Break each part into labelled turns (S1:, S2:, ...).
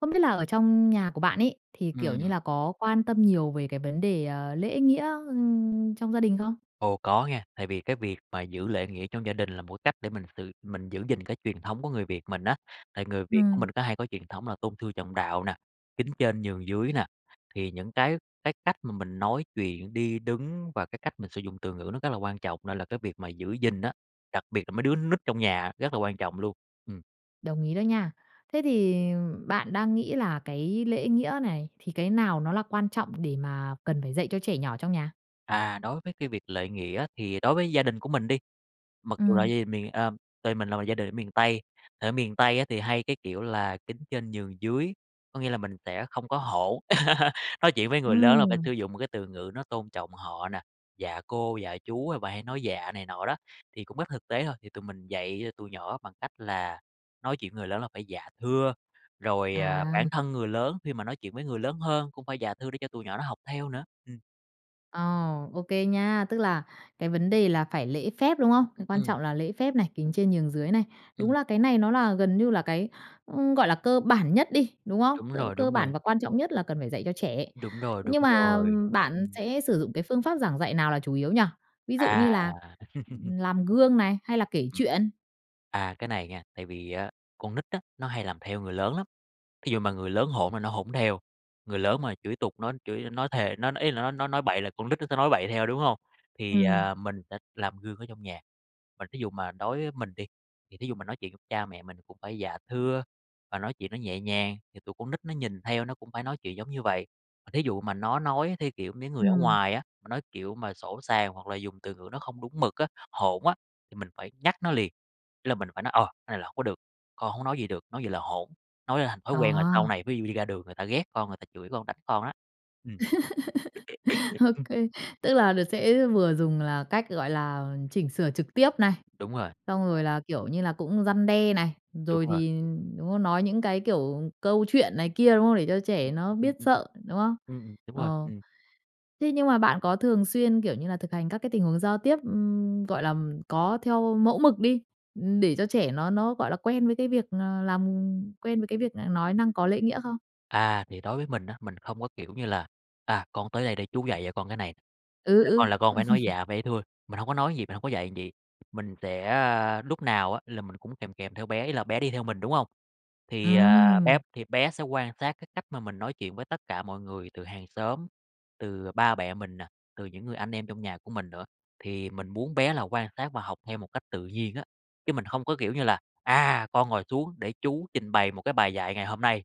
S1: Không biết là ở trong nhà của bạn ấy thì, kiểu như
S2: Ừm.
S1: là, có quan tâm nhiều về cái vấn đề, ờ, lễ nghĩa, ưm, trong gia đình không?
S2: Ồ, có nha, tại vì cái việc mà giữ lễ nghĩa trong gia đình là một cái cách để mình sự mình giữ gìn cái truyền thống của người Việt mình á, tại người Việt của
S1: Ừm.
S2: mình có hay có truyền thống là tôn sư trọng đạo nè, kính trên nhường dưới nè. Thì những cái cái cách mà mình nói chuyện, đi đứng và cái cách mình sử dụng từ ngữ nó rất là quan trọng nên là cái việc mà giữ gìn á, đặc biệt là mấy đứa con nít trong nhà rất là quan trọng luôn. Ừm.
S1: Đồng ý đó nha. Thế thì, ừm, bạn đang nghĩ là cái lễ nghĩa này thì cái nào nó là quan trọng để mà cần phải dạy cho trẻ nhỏ trong nhà?
S2: À, đối với cái việc lễ nghĩa thì đối với gia đình của mình đi, mặc dù là
S1: Ừm.
S2: gia đình mình, ờ gia đình mình là một gia đình ở miền Tây. Ở miền Tây á thì hay, cái kiểu là, kính trên nhường dưới, có nghĩa là mình sẽ không có hỗn, nói chuyện với người lớn là phải
S1: Ừm.
S2: sử dụng một cái từ ngữ nó tôn trọng họ nè, "dạ cô", "dạ chú" à bà hay nói "dạ" này nọ đó. Thì cũng rất thực tế thôi, thì tụi mình dạy cho tụi nhỏ bằng cách là nói chuyện với người lớn là phải "dạ, thưa". Rồi, ờ, bản
S1: À.
S2: thân người lớn khi mà nói chuyện với người lớn hơn cũng phải "dạ, thưa" để cho tụi nhỏ nó học theo nữa. Ừm.
S1: Ờ, ô kê nha. Tức là cái vấn đề là phải lễ phép, đúng không? Cái quan
S2: Ừm.
S1: trọng là lễ phép này, kính trên nhường dưới này. Đúng
S2: Ừm.
S1: là cái này nó là gần như là cái, ư, gọi là, cơ bản nhất đi, đúng không?
S2: Đúng
S1: Tức là
S2: rồi,
S1: cơ
S2: đúng
S1: bản
S2: rồi.
S1: và quan trọng nhất là cần phải dạy cho trẻ.
S2: Đúng rồi, đúng
S1: Nhưng mà
S2: rồi.
S1: bạn
S2: Ừm.
S1: sẽ sử dụng cái phương pháp giảng dạy nào là chủ yếu nhỉ, ví dụ như
S2: À.
S1: là làm gương này, hay là kể
S2: Ừm.
S1: chuyện?
S2: À, cái này nha, tại vì á con nít á, nó hay làm theo người lớn lắm. Thí dụ mà người lớn hỗn là nó hỗn theo, người lớn mà chửi tục nó chửi nói thề, nói nói, ý là, nói nói nói bậy là con nít nó sẽ nói bậy theo, đúng hông? Thì,
S1: Ừm.
S2: à, mình sẽ làm gương ở trong nhà, mà thí dụ mà đối với mình đi, thì thí dụ mình nói chuyện với cha mẹ mình cũng phải dạ thưa và nói chuyện nó nhẹ nhàng, thì tụi con nít nó nhìn theo nó cũng phải nói chuyện giống như vậy. Mà thí dụ mà nó nói theo kiểu mấy người ở
S1: Ừm.
S2: ngoài á, mà nói kiểu mà sỗ sàng hoặc là dùng từ ngữ nó không đúng mực á, hỗn á, thì mình phải nhắc nó liền. Ý là mình phải nói "Ờ, cái này là hông có được, con hổng có nói vậy được, nói vậy là hỗn!" Nói ra thành thói
S1: Ờ.
S2: quen rồi sau này ví dụ đi ra đường người ta ghét con, người ta chửi con, đánh con á. Ừm.
S1: Ô kê. Tức là được sẽ vừa dùng là cách, gọi là, chỉnh sửa trực tiếp này,
S2: Đúng rồi.
S1: xong rồi là, kiểu như là, cũng răn đe này,
S2: Đúng
S1: rồi
S2: rồi.
S1: thì đúng không? Nói những cái kiểu câu chuyện này kia, đúng không? Để cho
S2: Ừm,
S1: trẻ nó
S2: ừm, ừm,
S1: biết
S2: ừm.
S1: sợ, đúng không?
S2: Ừm, ừm, đúng rồi,
S1: Ờ,
S2: ừm.
S1: thế nhưng mà bạn có thường xuyên, kiểu như là, thực hành các cái tình huống giao tiếp, ừm, gọi là, có theo mẫu mực đi, để cho trẻ nó nó gọi là quen với cái việc, ờ, làm quen với cái việc là nói năng có lễ nghĩa không?
S2: À, thì đối với mình á, mình không có kiểu như là "À, con tới đây để chú dạy cho con cái này,
S1: Ừ,
S2: là
S1: ừ.
S2: con là con phải nói dạ, phải thưa", mình hông có nói vậy, mình hông có dạy vậy. Mình sẽ, a, lúc nào á là mình cũng kèm kèm theo bé, ý là bé đi theo mình, đúng hông? Thì, à, bé
S1: Ừm.
S2: thì bé sẽ quan sát cái cách mà mình nói chuyện với tất cả mọi người, từ hàng xóm, từ, ờ, ba mẹ mình nà, từ những người anh em trong nhà của mình nữa, thì mình muốn bé là quan sát và học theo một cách tự nhiên á. Chứ mình hông có kiểu như là "À, con ngồi xuống, để chú trình bày một cái bài dạy ngày hôm nay.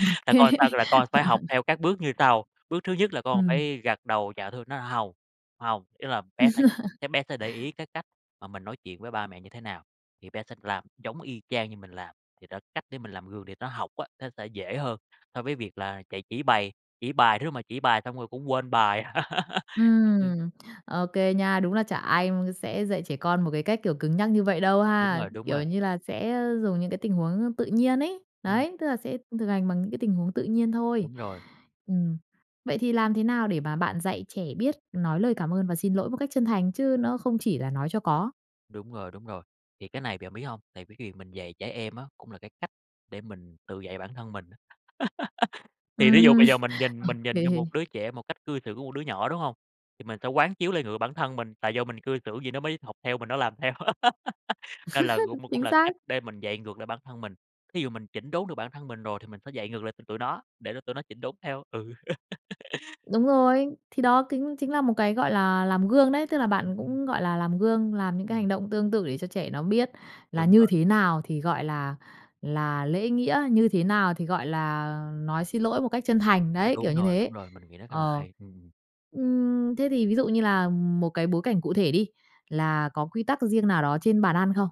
S1: Ô
S2: Là
S1: kê.
S2: con sao? Là con phải học theo các bước như sau. Bước thứ nhất là con
S1: Ừm.
S2: phải gật đầu dạ thưa" nói hông, hông, ý là bé sẽ sẽ bé sẽ để ý cái cách mà mình nói chuyện với ba mẹ như thế nào thì bé sẽ làm giống y chang như mình làm. Thì đó, cách để mình làm gương để nó học á, nó sẽ dễ hơn so với việc là chạy chỉ bày, chỉ bài rứa, mà chỉ bài xong rồi cũng quên bài. Ừm.
S1: Ừm, ô kê nha. Đúng là chả ai m sẽ dạy trẻ con một cái cách kiểu cứng nhắc như vậy đâu
S2: Đúng
S1: ha,
S2: rồi, đúng rồi.
S1: kiểu như là, sẽ, a, dùng những cái tình huống tự nhiên ấy.
S2: Ừm.
S1: Đấy, tức là sẽ thực hành bằng những cái tình huống tự nhiên thôi.
S2: Đúng rồi.
S1: Ừm. Vậy thì làm thế nào để mà bạn dạy trẻ biết nói lời cảm ơn và xin lỗi một cách chân thành chứ nó không chỉ là nói cho có?
S2: Đúng rồi, đúng rồi. Thì cái này bạn biết hông, tại vì cái việc mình dạy trẻ em á, cũng là cái cách để mình tự dạy bản thân mình á. Thì thí dụ
S1: Ừm,
S2: bây giờ mình nhìn
S1: ô
S2: mình nhìn vô một
S1: kê.
S2: đứa trẻ một cách cư xử của một đứa nhỏ, đúng hông? Thì mình sẽ quán chiếu lại ngược bản thân mình, tại do mình cư xử gì nó mới học theo mình, nó làm theo. Nên là cũng cũng
S1: Chính
S2: là
S1: xác.
S2: cách để mình dạy ngược lại bản thân mình, thí dụ mình chỉnh đốn được bản thân mình rồi, thì mình phải dạy ngược lại cho tụi nó, để cho tụi nó chỉnh đốn theo, ừ.
S1: Đúng rồi, thì đó kính chính là một cái, gọi là, làm gương đấy, tức là
S2: Ừm,
S1: bạn
S2: ưm.
S1: cũng, gọi là, làm gương, làm những cái hành
S2: Ừm.
S1: động tương tự để cho trẻ nó biết là
S2: Đúng
S1: như
S2: rồi.
S1: thế nào thì gọi là là lễ nghĩa, như thế nào thì gọi là nói xin lỗi một cách chân thành, đấy, kiểu
S2: Đúng
S1: như
S2: rồi,
S1: thế,
S2: đúng rồi, mình nghĩ nó khá là
S1: ờ.
S2: hay, ừm.
S1: Ưm, thế thì ví dụ như là một cái bối cảnh cụ thể đi, là có quy tắc riêng nào đó trên bàn ăn không?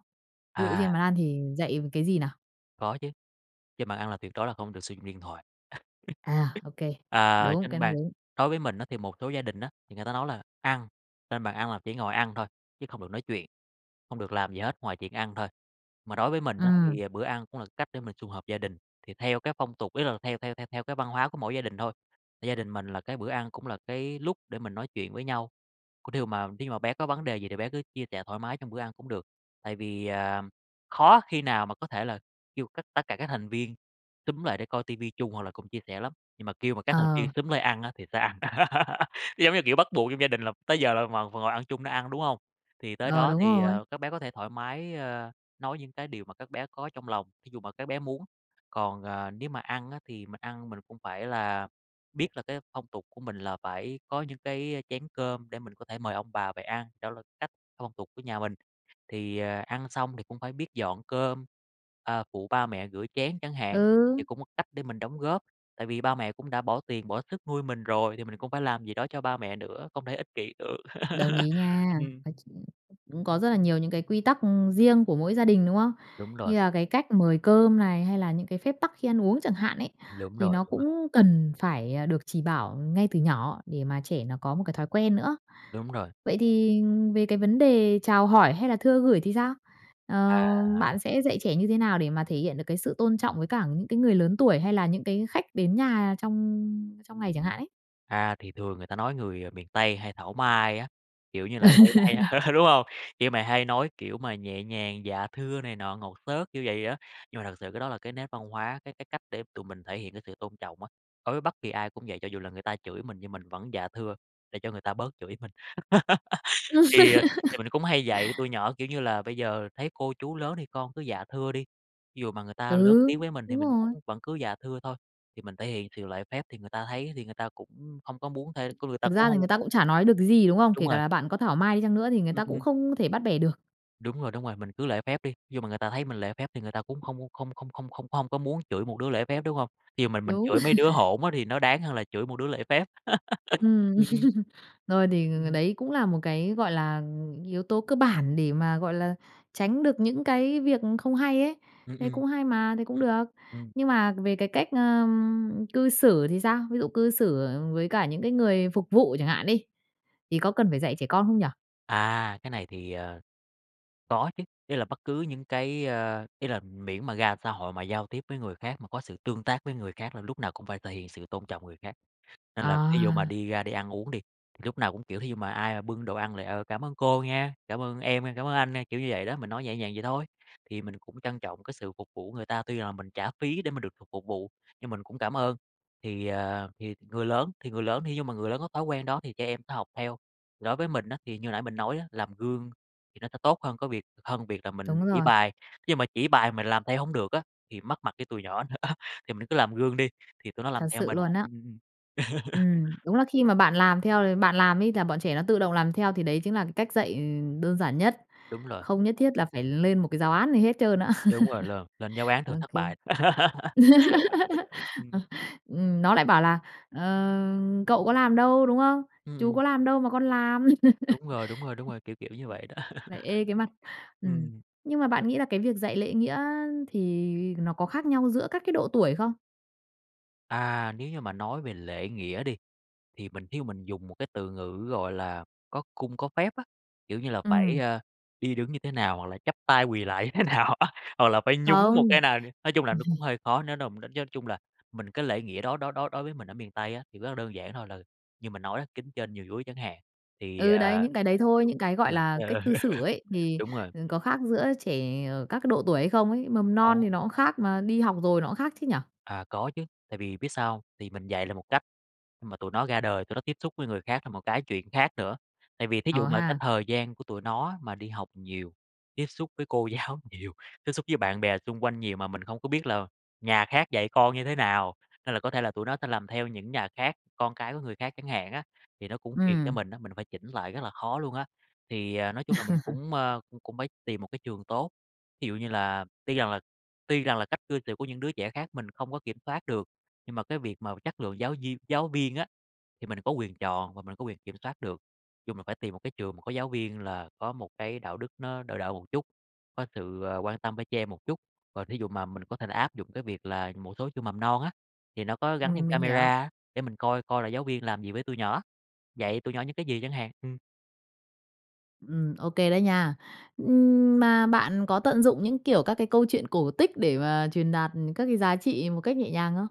S1: Ví dụ
S2: À.
S1: trên bàn ăn thì dạy về cái gì nào?
S2: Có chứ, trên bàn ăn là tuyệt đối là không được sử dụng điện thoại.
S1: À, ô kê,
S2: À
S1: đúng,
S2: trên
S1: cái này
S2: bàn
S1: đúng.
S2: đối với mình á thì một số gia đình á, thì người ta nói là ăn trên bàn ăn là chỉ ngồi ăn thôi, chứ không được nói chuyện, không được làm gì hết ngoài chuyện ăn thôi. Mà đối với mình á
S1: Ừm.
S2: thì bữa ăn cũng là cách để mình sum họp gia đình, thì theo cái phong tục ý là theo theo theo theo cái văn hóa của mỗi gia đình thôi, gia đình mình là cái bữa ăn cũng là cái lúc để mình nói chuyện với nhau, có điều mà thí dụ mà bé có vấn đề gì thì bé cứ chia sẻ thoải mái trong bữa ăn cũng được. Tại vì, à, khó khi nào mà có thể là kêu cất tất cả các thành viên xúm lại để coi TV chung, hoặc là cùng chia sẻ lắm, nhưng mà kêu mà các thành viên
S1: Ờ.
S2: xúm lại ăn á thì sẽ ăn, giống như, kiểu, bắt buộc trong gia đình là tới giờ là v vào ngồi ăn chung để ăn, đúng hông? Thì tới
S1: Ờ,
S2: đó
S1: đúng
S2: thì,
S1: rồi.
S2: ờ, các bé có thể thoải mái, ơ, nói những cái điều mà các bé có trong lòng, thí dụ mà các bé muốn. Còn, ờ, nếu mà ăn á, thì mình ăn mình cũng phải là biết là cái phong tục của mình là phải có những cái chén cơm để mình có thể mời ông bà về ăn, đó là cách phong tục của nhà mình. Thì, ờ, ăn xong thì cũng phải biết dọn cơm, ờ, phụ ba mẹ rửa chén chẳng hạn, thì
S1: Ừ.
S2: cũng một cách để mình đóng góp, tại vì ba mẹ cũng đã bỏ tiền, bỏ sức nuôi mình rồi thì mình cũng phải làm gì đó cho ba mẹ nữa, không thể ích kỷ được,
S1: Đồng ý nha.
S2: ừm.
S1: Nói chung cũng có rất là nhiều những cái quy tắc riêng của mỗi gia đình, đúng không?
S2: Đúng
S1: Như
S2: rồi.
S1: là cái cách mời cơm này, hay là những cái phép tắc khi ăn uống chẳng hạn ấy,
S2: Đúng
S1: thì
S2: rồi,
S1: nó
S2: đúng rồi.
S1: cũng cần phải được chỉ bảo ngay từ nhỏ để mà trẻ nó có một cái thói quen nữa.
S2: Đúng rồi.
S1: Vậy thì về cái vấn đề chào hỏi hay là thưa gửi thì sao? Ờ,
S2: À.
S1: bạn sẽ dạy trẻ như thế nào để mà thể hiện được cái sự tôn trọng với cả những cái người lớn tuổi, hay là những cái khách đến nhà trong trong ngày chẳng hạn ấy?
S2: À, thì thường người ta nói người miền Tây hay thảo mai á, kiểu như là, hay hay đúng hông? Kiểu mà hay nói, kiểu mà, nhẹ nhàng "dạ thưa" này nọ, ngọt xớt kiểu vậy á. Nhưng mà thực sự cái đó là cái nét văn hóa, cái cái cách để tụi mình thể hiện cái sự tôn trọng á, đối với bất kỳ ai cũng vậy, cho dù là người ta chửi mình nhưng mình vẫn "dạ thưa", để cho người ta bớt chửi mình. Thì thì mình cũng hay dạy tụi nhỏ, kiểu như là, "Bây giờ thấy cô chú lớn thì con cứ 'dạ thưa' đi, ví dụ mà người ta lớn
S1: Ừ,
S2: tiếng với mình thì
S1: đúng
S2: mình
S1: rồi.
S2: cũng vẫn cứ 'dạ thưa' thôi, thì mình thể hiện sự lễ phép thì người ta thấy á thì người ta cũng hông có muốn thêm cái người ta
S1: Thực
S2: cũng
S1: ra thì
S2: hông"
S1: người ta cũng chả nói được cái gì, đúng không?
S2: Đúng
S1: Kể cả
S2: rồi.
S1: là bạn có thảo mai đi chăng nữa thì người
S2: Ừm,
S1: ta cũng
S2: ừm.
S1: không thể bắt bẻ được.
S2: Đúng rồi, đúng rồi, mình cứ lễ phép đi, ví dụ mà người ta thấy mình lễ phép, thì người ta cũng không không không không không không không có muốn chửi một đứa lễ phép, đúng hông? Thí dụ mình mình
S1: Đúng.
S2: chửi mấy đứa hỗn á thì nó đáng hơn là chửi một đứa lễ phép.
S1: Ừm.
S2: Ừm, ừm.
S1: Thôi thì ng
S2: Ừm
S1: ng
S2: hưm.
S1: đấy cũng là một cái, gọi là, yếu tố cơ bản để mà, gọi là, tránh được những cái việc không hay ấy,
S2: Ừm,
S1: thế
S2: ừm.
S1: cũng hay mà, thế cũng
S2: Ừm,
S1: được.
S2: ừm.
S1: Nhưng mà về cái cách, ờm, cư xử thì sao? Ví dụ cư xử với cả những cái người phục vụ chẳng hạn đi, thì có cần phải dạy trẻ con không nhỉ?
S2: À, cái này thì, ờ, có chứ. Ý là bất cứ những cái, ơ ý là miễn mà ra xã hội mà giao tiếp với người khác mà có sự tương tác với người khác là lúc nào cũng phải thể hiện sự tôn trọng người khác. Nên là ví dụ mà
S1: À.
S2: đi ra đi ăn uống đi, thì lúc nào cũng kiểu, thí dụ mà ai mà bưng đồ ăn là "Ờ, cảm ơn cô nha! Cảm ơn em nha! Cảm ơn anh nha!" kiểu như vậy đó, mình nói nhẹ nhàng vậy thôi, thì mình cũng trân trọng cái sự phục vụ người ta, tuy là mình trả phí để mà được phục phục vụ, nhưng mình cũng cảm ơn. Thì, ờ, thì người lớn thì người lớn thí dụ mà người lớn có thói quen đó thì trẻ em học theo. Thì đối với mình á, thì như hồi nãy mình nói á, làm gương thì nó sẽ tốt hơn cái việc hơn việc là mình
S1: Đúng
S2: chỉ
S1: rồi.
S2: bài, nhưng mà chỉ bài mình làm theo hổng được á thì mất mặt với tụi nhỏ nữa, thì mình cứ làm gương đi, thì tụi nó làm
S1: Thật
S2: theo
S1: sự
S2: mình.
S1: luôn á.
S2: Ừm, ừm, ừm.
S1: Ừm. Đúng là khi mà bạn làm theo l bạn làm ấy là bọn trẻ nó tự động làm theo, thì đấy chính là cái cách dạy, ừ, đơn giản nhất.
S2: Đúng rồi.
S1: Không nhất thiết là phải lên một cái giáo án gì hết trơn á.
S2: Đúng rồi luôn, lên giáo án
S1: Ô
S2: thường thất
S1: kê.
S2: bại. Ừm.
S1: Ừ, ừm, nó lại bảo là "Ờ, cậu có làm đâu?" đúng không?
S2: Ư,
S1: "Chú
S2: ừm.
S1: có làm đâu mà con làm."
S2: Đúng rồi, đúng rồi, đúng rồi, kiểu, kiểu như vậy đó.
S1: [unintelligible] Lại ê cái mặt. Ừm.
S2: Ừm.
S1: Nhưng mà bạn nghĩ là cái việc dạy lễ nghĩa thì nó có khác nhau giữa các cái độ tuổi không?
S2: À, nếu như mà nói về lễ nghĩa đi, thì mình thí dụ mình dùng một cái từ ngữ gọi là "có cung có phép" á. Kiểu như là, phải,
S1: Ừm.
S2: a, đi đứng như thế nào hoặc là chắp tay quỳ lạy như thế nào á, hoặc là phải nhún một
S1: Không.
S2: cái nào nè. Nói chung là nó cũng hơi khó, nếu nà mình đánh giá chung là mình cái lễ nghĩa đó đó đó đối với mình ở miền Tây á, thì rất là đơn giản thôi là như mình nói á, kính trên nhường dưới chẳng hạn, thì,
S1: Ừ, đấy,
S2: ờ
S1: những cái đấy thôi. Những cái, gọi
S2: [unintelligible]
S1: là, cách
S2: ờ,
S1: cư xử ấy, thì,
S2: đúng rồi.
S1: ừ, có khác giữa trẻ ở các cái độ tuổi hay không ấy? Mầm non
S2: Ồ.
S1: thì nó cũng khác, mà đi học rồi nó cũng khác chứ nhỉ?
S2: À, có chứ, tại vì biết sao hông? Tại vì mình dạy là một cách, nhưng mà tụi nó ra đời, tụi nó tiếp xúc với người khác là một cái chuyện khác nữa. Tại vì thí dụ
S1: Ờ
S2: mà cái
S1: ha.
S2: thời gian của tụi nó á, mà đi học nhiều, tiếp xúc với cô giáo nhiều, tiếp xúc với bạn bè xung quanh nhiều, mà mình không có biết là nhà khác dạy con như thế nào, nên là có thể là tụi nó sẽ làm theo những nhà khác, con cái của người khác chẳng hạn á. Thì nó cũng phiền cho
S1: Ừm.
S2: mình á, mình phải chỉnh lại rất là khó luôn á. Thì, à, nói chung là mình cũng, ơ, cũng cũng phải tìm một cái trường tốt, thí dụ như là tuy rằng là tuy rằng là cách cư xử của những đứa trẻ khác mình không có kiểm soát được, nhưng mà cái việc mà chất lượng giáo viên giáo viên á, thì mình có quyền chọn và mình có quyền kiểm soát được. Chung là phải tìm một cái trường mà có giáo viên là có một cái đạo đức nó đỡ đỡ một chút, có sự, à, quan tâm với trẻ em một chút. Còn thí dụ mà mình có thể là áp dụng cái việc là một số trường mầm non á, thì nó có gắn thêm
S1: Ừm, mình hiểu.
S2: camera á, để mình coi coi là giáo viên làm gì với tụi nhỏ, dạy tụi nhỏ những cái gì chẳng hạn, ừm.
S1: Ừm, ô kê đấy nha. Ừm, mà bạn có tận dụng những, kiểu, các cái câu chuyện cổ tích để mà truyền đạt, ừm, các cái giá trị một cách nhẹ nhàng không?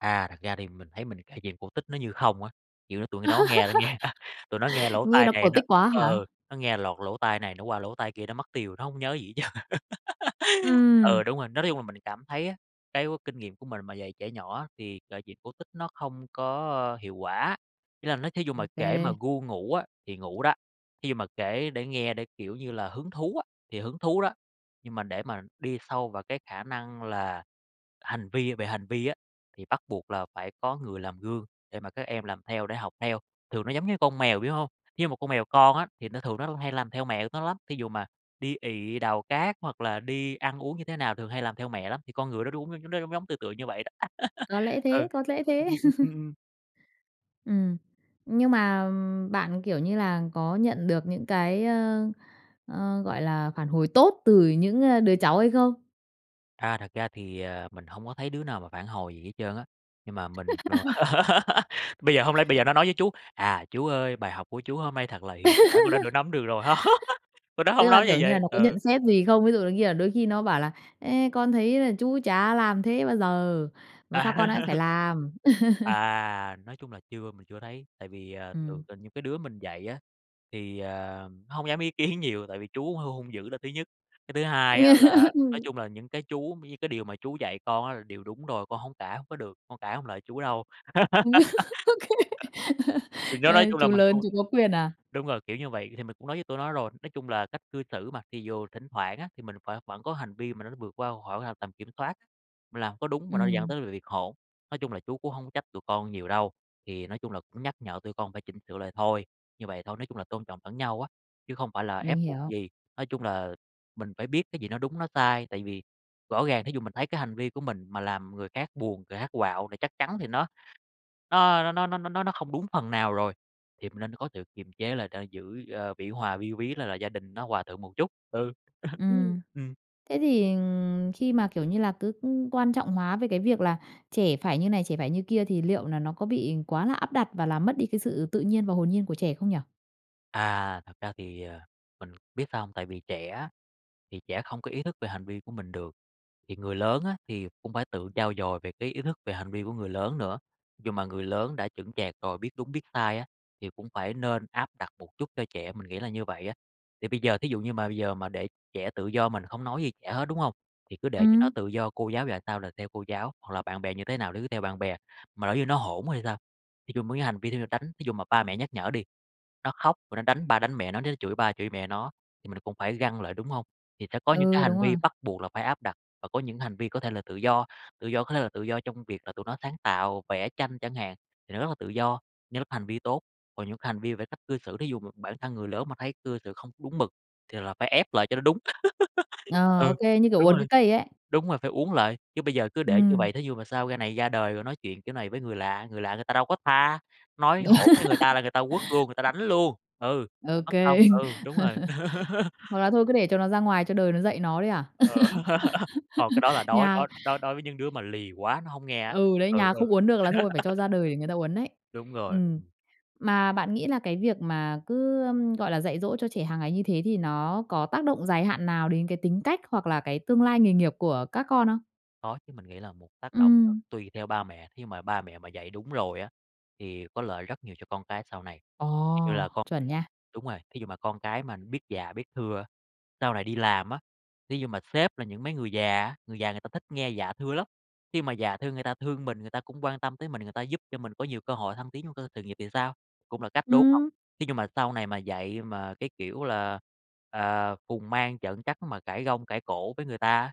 S2: À, thật ra thì mình thấy mình kể chuyện cổ tích nó như không á. Kiểu, nó tụi nó nghe nó nghe tụi nó nghe lỗ
S1: Nghe
S2: tai
S1: nó
S2: này
S1: cổ
S2: nó
S1: tích quá hả?
S2: ờ, nó nghe lọt lỗ tai này, nó qua lỗ tai kia, nó mất tiêu, nó hông nhớ gì hết trơn.
S1: Ừm.
S2: Ừ, đúng rồi, nói chung là mình cảm thấy á, cái kinh nghiệm của mình mà dạy trẻ nhỏ thì kể chuyện cổ tích nó không có, ơ, hiệu quả. Ý là nó thí dụ
S1: Ô
S2: mà kể mà
S1: kê.
S2: ru ngủ á, thì ngủ đó. Thí dụ mà kể để nghe, để, kiểu như là, hứng thú á, thì hứng thú đó, nhưng mà để mà đi sâu vào cái khả năng là hành vi về hành vi á, thì bắt buộc là phải có người làm gương để mà các em làm theo, để học theo. Thường nó giống như con mèo, biểu hông? Thí dụ một con mèo con á, thì nó thường nó cũng hay làm theo mẹ nó lắm, thí dụ mà đi ị, đào cát hoặc là đi ăn uống như thế nào, thường hay làm theo mẹ lắm. Thì con người đó đũng nó nó giống giống, tựa tựa như vậy đó.
S1: Có lẽ
S2: Ừ,
S1: thế, có lẽ
S2: ừm,
S1: thế.
S2: ừm, ừm, ừm.
S1: Ừm. Nhưng mà bạn, kiểu như là, có nhận được những cái, ơ, ơ, gọi là, phản hồi tốt từ những, ơ, đứa cháu hay không?
S2: À, thật ra thì, à, mình hông có thấy đứa nào mà phản hồi gì hết trơn á, nhưng mà mình đồ bây giờ hông lẽ bây giờ nó nói với chú: "à, chú ơi, bài học của chú hôm nay thật là hiệu quả, con đã tự nắm được rồi" ha. Tụi đó
S1: Tức
S2: hông
S1: là,
S2: nói như
S1: kiểu như là,
S2: vậy.
S1: nó có
S2: Ừ.
S1: nhận xét gì không? Ví dụ như là đôi khi nó bảo là, ấy, con thấy là chú chả làm thế bao giờ, mà sao con lại phải làm?
S2: À, nói chung là chưa mình chưa thấy, tại vì, ờ, thường
S1: Ừm.
S2: trên những cái đứa mình dạy á, thì, ờ, nó hông dám ý kiến nhiều tại vì chú hơi hung dữ là thứ nhất. Cái thứ hai á là, nói
S1: Ừm.
S2: chung là, những cái chú cũng như cái điều mà chú dạy con á là điều đúng rồi, con hông cãi hông có được, con cãi hông lại chú đâu.
S1: Ô kê.
S2: Thì đó nói
S1: Ơ,
S2: chung là
S1: chú
S2: mình
S1: lớn
S2: không
S1: chú có quyền à?
S2: đúng rồi, kiểu như vậy thì mình cũng nói với tụi nó rồi. Nói chung là cách cư xử mà, thì dù thỉnh thoảng á, thì mình phải vẫn có hành vi mà mà nó vượt qua khỏi ngoài tầm kiểm soát, mình làm có đúng mà nó dẫn
S1: Ừm.
S2: tới là việc hỗn. Nói chung là chú cũng hông có trách tụi con nhiều đâu, thì nói chung là cũng nhắc nhở tụi con phải chỉnh sửa lại thôi, như vậy thôi, nói chung là tôn trọng lẫn nhau á, chứ không phải là
S1: Mình
S2: ép buộc
S1: hiểu.
S2: gì. Nói chung là mình phải biết cái gì nó đúng, nó sai, tại vì rõ ràng thí dụ mình thấy cái hành vi của mình mà làm người khác buồn, người khác quạo thì chắc chắn thì nó nó nó nó nó nó nó nó không đúng phần nào rồi. Thì mình nên có sự kiềm chế lại để giữ, ơ, vĩ hòa vi quý là là gia đình nó hòa thuận một chút, ừ,
S1: Ừm.
S2: ừm.
S1: Thế thì khi mà, kiểu như là, cứ quan trọng hóa về cái việc là trẻ phải như này, trẻ phải như kia thì liệu là nó có bị quá là áp đặt, và làm mất đi cái sự tự nhiên và hồn nhiên của trẻ không nhỉ?
S2: À, thật ra thì, ờ, mình biết sao hông? Tại vì trẻ á, thì trẻ không có ý thức về hành vi của mình được, thì người lớn á, thì cũng phải tự trau dồi về cái ý thức, về hành vi của người lớn nữa. Nhưng mà người lớn đã chững chạc rồi, biết đúng biết sai á, thì cũng phải nên áp đặt một chút cho trẻ, mình nghĩ là như vậy á. Thì bây giờ, thí dụ như mà bây giờ mà để trẻ tự do mình không nói gì trẻ hết, đúng hông? Thì cứ để cho nó
S1: Ừm.
S2: tự do, cô giáo dạy sao là theo cô giáo, hoặc là bạn bè như thế nào nó cứ theo bạn bè, mà nếu như nó hỗn thì sao? Thì dùng mấy cái hành vi để mà đánh. Thí dụ mà ba mẹ nhắc nhở đi, nó khóc rồi nó đánh ba đánh mẹ nó, nó chửi ba chửi mẹ nó, thì mình là cũng phải găng lại, đúng hông? Thì sẽ có những cái
S1: Ừ, đúng
S2: hành vi
S1: rồi.
S2: bắt buộc là phải áp đặt và có những hành vi có thể là tự do, tự do có thể là tự do trong việc là tụi nó sáng tạo, vẽ tranh chẳng hạn, thì nó rất là tự do như lúc hành vi tốt. Còn những cái hành vi về cái cách cư xử, thí dụ mà bản thân người lớn mà thấy cư xử không có đúng mực, thì là phải ép lại cho nó đúng.
S1: Ờ, ô
S2: Ừ,
S1: kê, như kiểu
S2: đúng
S1: uốn cái
S2: rồi.
S1: cây ấy.
S2: Đúng rồi, phải uốn lại, chứ bây giờ cứ để như
S1: Ừm.
S2: vậy thí dụ mà sau ra này ra đời rồi nói chuyện kiểu này với người lạ, người lạ người ta đâu có tha, nói hỗn với người ta là người ta quất luôn, người ta đánh luôn. Ừ,
S1: Ô
S2: mất công,
S1: kê.
S2: ừ, đúng rồi.
S1: Hoặc là thôi cứ để cho nó ra ngoài, cho đời nó dạy nó đấy à?
S2: Ờ, hông, cái đó là đối
S1: Nhà
S2: đối đối đối với những đứa mà lì quá, nó hổng nghe á,
S1: Ừ, đấy,
S2: ừ,
S1: nhà không
S2: ừ.
S1: uốn được là thôi phải cho ra đời để người ta uốn đấy.
S2: Đúng rồi,
S1: Ừm.
S2: ừm.
S1: Mà bạn nghĩ là cái việc mà cứ, ừm, gọi là, dạy dỗ cho trẻ hàng ngày như thế thì nó có tác động dài hạn nào đến cái tính cách hoặc là cái tương lai nghề nghiệp của các con không?
S2: Có chứ, mình nghĩ là một tác động nó
S1: Ừm.
S2: tùy theo ba mẹ, thí dụ mà ba mẹ mà dạy đúng rồi á, thì có lợi rất nhiều cho con cái sau này. Thí dụ như
S1: Ồ!
S2: là con
S1: Chuẩn nha.
S2: đúng rồi, thí dụ mà con cái mà nó biết dạ, biết thưa, sau này đi làm á, thí dụ mà sếp là những mấy người già á, người già người ta thích nghe dạ thưa lắm. Khi mà dạ thưa người ta thương mình, người ta cũng quan tâm tới mình, người ta giúp cho mình có nhiều cơ hội thăng tiến trong cơ sự nghiệp thì sao? Cũng là cách, đúng hông?
S1: Ừm.
S2: Thí dụ mà sau này mà dạy mà, cái kiểu là, à, phùng mang trợn trắng mà cãi gông cãi cổ với người ta á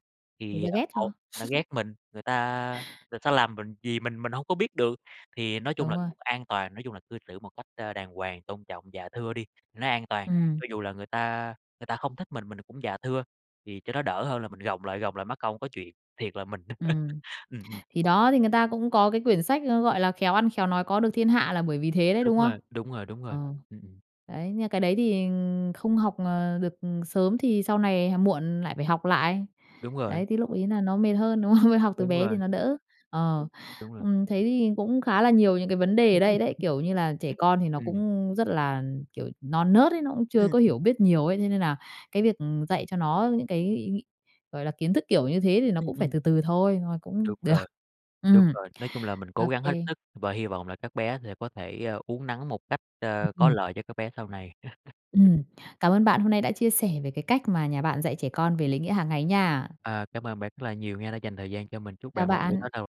S1: Người ta
S2: thì, ờ,
S1: ghét cho.
S2: một người ta ghét mình, người ta người ta làm mình gì mình mình hông có biết được. Thì nói chung
S1: Đúng
S2: là
S1: rồi.
S2: cũng an toàn, nói chung là cư xử một cách, ơ, đàng hoàng, tôn trọng, dạ thưa đi, nó an toàn.
S1: Ừm.
S2: Cho dù là người ta người ta không thích mình, mình là cũng dạ thưa, thì cho nó đỡ hơn là mình gồng lại, gồng lại mắc công có chuyện, thiệt là mình.
S1: Ừm.
S2: Ừm, ừm.
S1: Thì đó, thì người ta cũng có cái quyển sách, ơ, gọi là, "Khéo ăn khéo nói có được thiên hạ" là bởi vì thế đấy,
S2: Đúng
S1: đúng không?
S2: rồi, đúng rồi, đúng rồi,
S1: Ờ.
S2: ừm, ừm.
S1: Đấy, nhưng mà cái đấy thì không học, ờ, được sớm thì sau này h muộn lại phải học lại.
S2: Đúng rồi.
S1: Đấy, thì lúc ấy là nó mệt hơn, đúng không? Học từ
S2: Đúng
S1: bé thì
S2: rồi.
S1: nó đỡ.
S2: Ừ,
S1: Ờ.
S2: đúng rồi.
S1: Ừm, thấy thì cũng khá là nhiều những cái vấn đề ở đây đấy, kiểu như là, trẻ con thì nó
S2: Ừm.
S1: cũng rất là, kiểu, non nớt ấy, nó cũng
S2: Ừ,
S1: chưa có
S2: ừm.
S1: hiểu biết nhiều ấy, thế nên là cái việc, ừm, dạy cho nó những cái ý nghĩ gọi là, kiến thức kiểu như thế thì nó
S2: Ừm,
S1: cũng phải
S2: ừm.
S1: từ từ thôi, thôi mà cũng
S2: Đúng
S1: được.
S2: rồi. Đúng
S1: Ừm.
S2: rồi, nói chung là mình
S1: Ô
S2: cố gắng hết
S1: kê.
S2: sức và hy vọng là các bé sẽ có thể, ơ, uốn nắn một cách,
S1: Ừ,
S2: ơ, có
S1: ừm.
S2: lợi cho các bé sau này.
S1: Ừm, cảm ơn bạn, hôm nay đã chia sẻ về cái cách mà nhà bạn dạy trẻ con về lễ nghĩa hàng ngày nha.
S2: Ờ, cảm ơn bạn rất là nhiều nghe đã dành thời gian cho mình. Chúc
S1: Chào
S2: bạn một buổi
S1: bạn.
S2: tối thật là